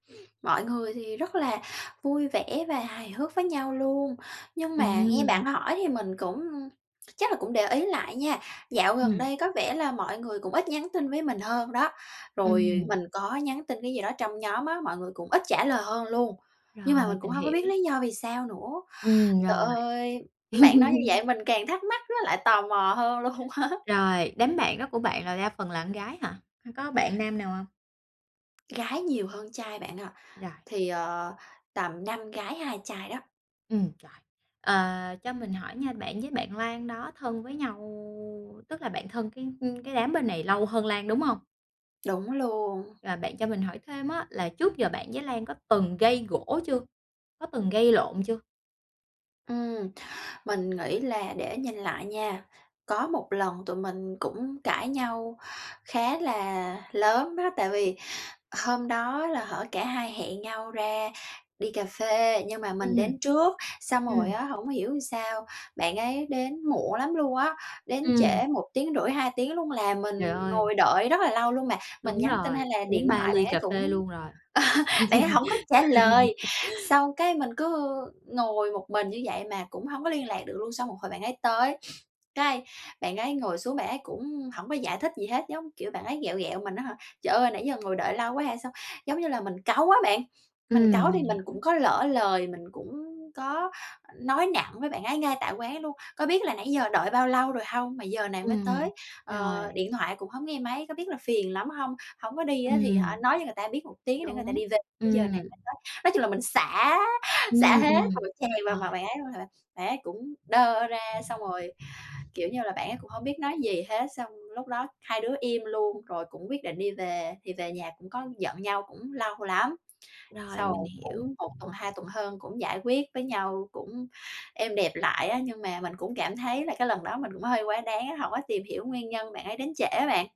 Mọi người thì rất là vui vẻ và hài hước với nhau luôn, nhưng mà nghe Ừm. bạn hỏi thì mình cũng chắc là cũng để ý lại nha, dạo gần Ừm. đây có vẻ là mọi người cũng ít nhắn tin với mình hơn đó, rồi Ừm. mình có nhắn tin cái gì đó trong nhóm á, mọi người cũng ít trả lời hơn luôn. Nhưng Rồi, mà mình cũng mình hông có biết hiểu! lý do vì sao nữa. Ừm, Trời rồi. ơi, bạn nói như vậy mình càng thắc mắc, nó lại tò mò hơn luôn á! Rồi, đám bạn đó của bạn là đa phần là con gái hả? Hay có bạn nam nào hông? Gái nhiều hơn trai bạn ạ, Rồi! thì, ờ, tầm 5 gái, 2 trai đó. Ừm, rồi. Ờ, cho mình hỏi nha, bạn với bạn Lan đó thân với nhau, tức là bạn thân cái, ưm, cái đám bên này lâu hơn Lan, đúng hông? Đúng luôn. Và bạn cho mình hỏi thêm á là trước giờ bạn với Lan có từng gây gổ chưa? Có từng gây lộn chưa? Ừm, mình nghĩ là để nhìn lại nha, có một lần tụi mình cũng cãi nhau khá là lớn đó, tại vì hôm đó là, hở, cả hai hẹn nhau ra đi cà phê nhưng mà mình đến Ừm. trước. Xong Ừm. rồi á hổng hiểu sao, bạn ấy đến muộn lắm luôn á, đến trễ Ừm. 1 tiếng rưỡi 2 tiếng luôn là mình Trời ơi! ngồi đợi rất là lâu luôn mà. Mình Đúng nhắn tin rồi, hay là uống điện 3 thoại bạn ly ấy cà cũng phê luôn rồi. bạn ấy hổng có trả lời. Xong cái mình cứ ngồi một mình như vậy mà cũng hông có liên lạc được luôn, xong một hồi bạn ấy tới, cái, bạn ấy ngồi xuống bạn ấy cũng hổng có giải thích gì hết, giống kiểu, bạn ấy ghẹo ghẹo mình á hả: "Trời ơi, nãy giờ ngồi đợi lâu quá hay sao?" Giống như là mình cáu á bạn, mình Ừm, cáu thì mình mình cũng hiểu. có lỡ lời, mình cũng có nói nặng với bạn ấy ngay tại quán luôn: "Có biết là nãy giờ đợi bao lâu rồi hông mà giờ này mới Ừm, tới, ờ, rồi. điện thoại cũng hông nghe máy, có biết là phiền lắm hông? Hổng có đi á thì hả Ừm. nói cho người ta biết một tiếng để người ta Đúng, đi về, giờ này ừm. mới tới." Nói chung là mình xả, Ừm, xả hết một ừm tràng vào mặt rồi. bạn ấy luôn, hả, bạn ấy cũng đơ ra, xong rồi, kiểu như là, bạn ấy cũng hổng biết nói gì hết. Xong lúc đó hai đứa im luôn rồi cũng quyết định đi về thì về nhà cũng có giận nhau cũng lâu lắm. Rồi, Sau mình rồi hiểu. cũng 1 tuần, 2 tuần hơn cũng giải quyết với nhau, cũng êm đẹp lại á, nhưng mà mình cũng cảm thấy là cái lần đó mình cũng hơi quá đáng á, hổng có tìm hiểu nguyên nhân bạn ấy đến trễ á bạn.